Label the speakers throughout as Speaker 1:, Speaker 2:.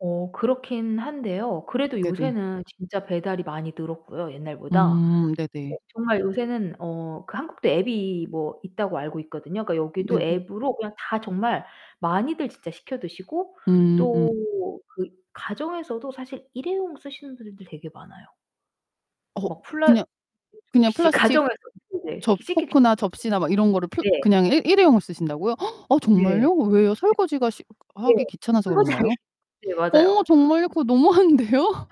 Speaker 1: 어 그렇긴 한데요. 그래도
Speaker 2: 네네.
Speaker 1: 요새는 진짜 배달이 많이 늘었고요, 옛날보다.
Speaker 2: 음. 네네.
Speaker 1: 어 정말 요새는 어 그 한국도 앱이 뭐 있다고 알고 있거든요. 그러니까 여기도
Speaker 2: 네네.
Speaker 1: 앱으로 그냥 다 정말 많이들 진짜 시켜 드시고,
Speaker 2: 음.
Speaker 1: 또 그 가정에서도 사실 일회용 쓰시는 분들도 되게 많아요.
Speaker 2: 어.
Speaker 1: 뭐
Speaker 2: 그냥
Speaker 1: 플라스틱
Speaker 2: 그냥
Speaker 1: 접시
Speaker 2: 플라스틱
Speaker 1: 가정에서 [unintelligible]
Speaker 2: 접
Speaker 1: 씻기 귀
Speaker 2: 포크나 접시나 막 이런 거를 그냥 플
Speaker 1: 네.
Speaker 2: 그냥 일 일회용을 쓰신다고요? 어
Speaker 1: 네.
Speaker 2: 정말요? 왜요? 설거지가 시
Speaker 1: 네.
Speaker 2: 하기 귀찮아서
Speaker 1: 설거지 하기
Speaker 2: 그런가요?
Speaker 1: 네,
Speaker 2: 어
Speaker 1: 맞아요.
Speaker 2: 정말요? 그거 너무한데요?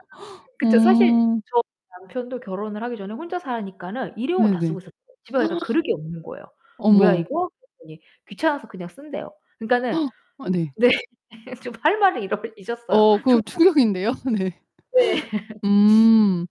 Speaker 1: 그쵸, 사실
Speaker 2: 음.
Speaker 1: 저희 남편도 결혼을 하기 전에 혼자 사니까는 일회용을 다
Speaker 2: 네네.
Speaker 1: 쓰고 있었어요. 집에 가니까 그릇이 없는 거예요. "뭐야
Speaker 2: 어머
Speaker 1: 이거?" 그랬더니 귀찮아서 그냥 쓴대요. 그러니까는
Speaker 2: 아 네.
Speaker 1: 네, 좀 할 말을 잃어 잊었어요.
Speaker 2: 어 그
Speaker 1: 정말
Speaker 2: 충격인데요. 네.
Speaker 1: 네.
Speaker 2: 음.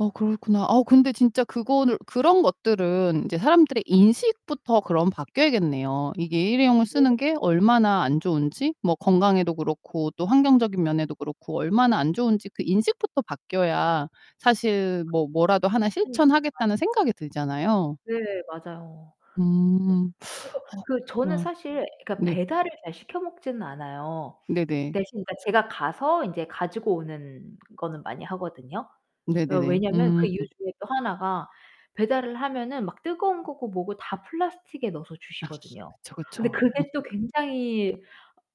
Speaker 2: 어 그렇구나. 아 근데 진짜 그거를 그런 것들은 이제 사람들의 인식부터 그럼 바뀌어야겠네요. 이게 일회용을
Speaker 1: 그래요?
Speaker 2: 쓰는 게 얼마나 안 좋은지 뭐 건강에도 그렇고 또 환경적인 면에도 그렇고 얼마나 안 좋은지 그 인식부터 바뀌어야 사실
Speaker 1: 그게
Speaker 2: 뭐 뭐라도 하나
Speaker 1: 실천이
Speaker 2: 실천하겠다는
Speaker 1: 가능한지를
Speaker 2: 생각이 들잖아요.
Speaker 1: 네, 맞아요.
Speaker 2: 음.
Speaker 1: 네. 그래서
Speaker 2: 어
Speaker 1: 그 저는
Speaker 2: 그렇구나.
Speaker 1: 사실 그러니까
Speaker 2: 네.
Speaker 1: 배달을 잘 시켜 먹지는 않아요.
Speaker 2: 네네.
Speaker 1: 대신 그러니까 제가 가서 인제 가지고 오는 거는 많이 하거든요. 예,
Speaker 2: 네네네.
Speaker 1: 왜냐하면
Speaker 2: 음.
Speaker 1: 그 이유 중에 또 하나가 배달을 하면은 막 뜨거운 거고 뭐고 다 플라스틱에 넣어서
Speaker 2: 아.
Speaker 1: 주시거든요.
Speaker 2: 그쵸,
Speaker 1: 근데
Speaker 2: 그쵸. 어.
Speaker 1: 그게 또 굉장히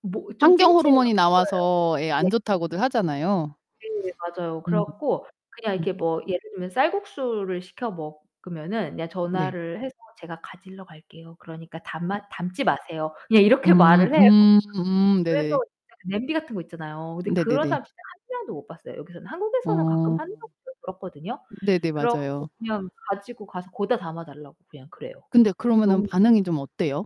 Speaker 1: 뭐 좀
Speaker 2: 환경
Speaker 1: 찜찜한
Speaker 2: 호르몬이
Speaker 1: 거예요.
Speaker 2: 나와서 예
Speaker 1: 네.
Speaker 2: 안 좋다고들 하잖아요.
Speaker 1: 네, 맞아요. 그래
Speaker 2: 음.
Speaker 1: 갖고 그냥
Speaker 2: 음.
Speaker 1: 이렇게 뭐 예를 들면 쌀국수를 시켜 먹으면은 그냥
Speaker 2: 네.
Speaker 1: 전화를 해서 "제가 가지러 갈게요. 그러니까 담아 담지 마세요." 그냥 이렇게
Speaker 2: 음.
Speaker 1: 말을 해요.
Speaker 2: 음 음.
Speaker 1: 그래서
Speaker 2: 네네.
Speaker 1: [unintelligible] 냄비 같은 것 있잖아요. 근데 그런
Speaker 2: 네네네.
Speaker 1: 사람 진짜 1 명도 못 봤어요 여기서는. 한국에서는 가끔
Speaker 2: 어.
Speaker 1: 한다고도 들었거든요.
Speaker 2: 네네,
Speaker 1: 그래 갖고
Speaker 2: 맞아요.
Speaker 1: 그냥 가지고 가서 거기다 담아 달라고 그냥 그래요.
Speaker 2: 근데 그러면은
Speaker 1: 너무
Speaker 2: 반응이 좀 어때요?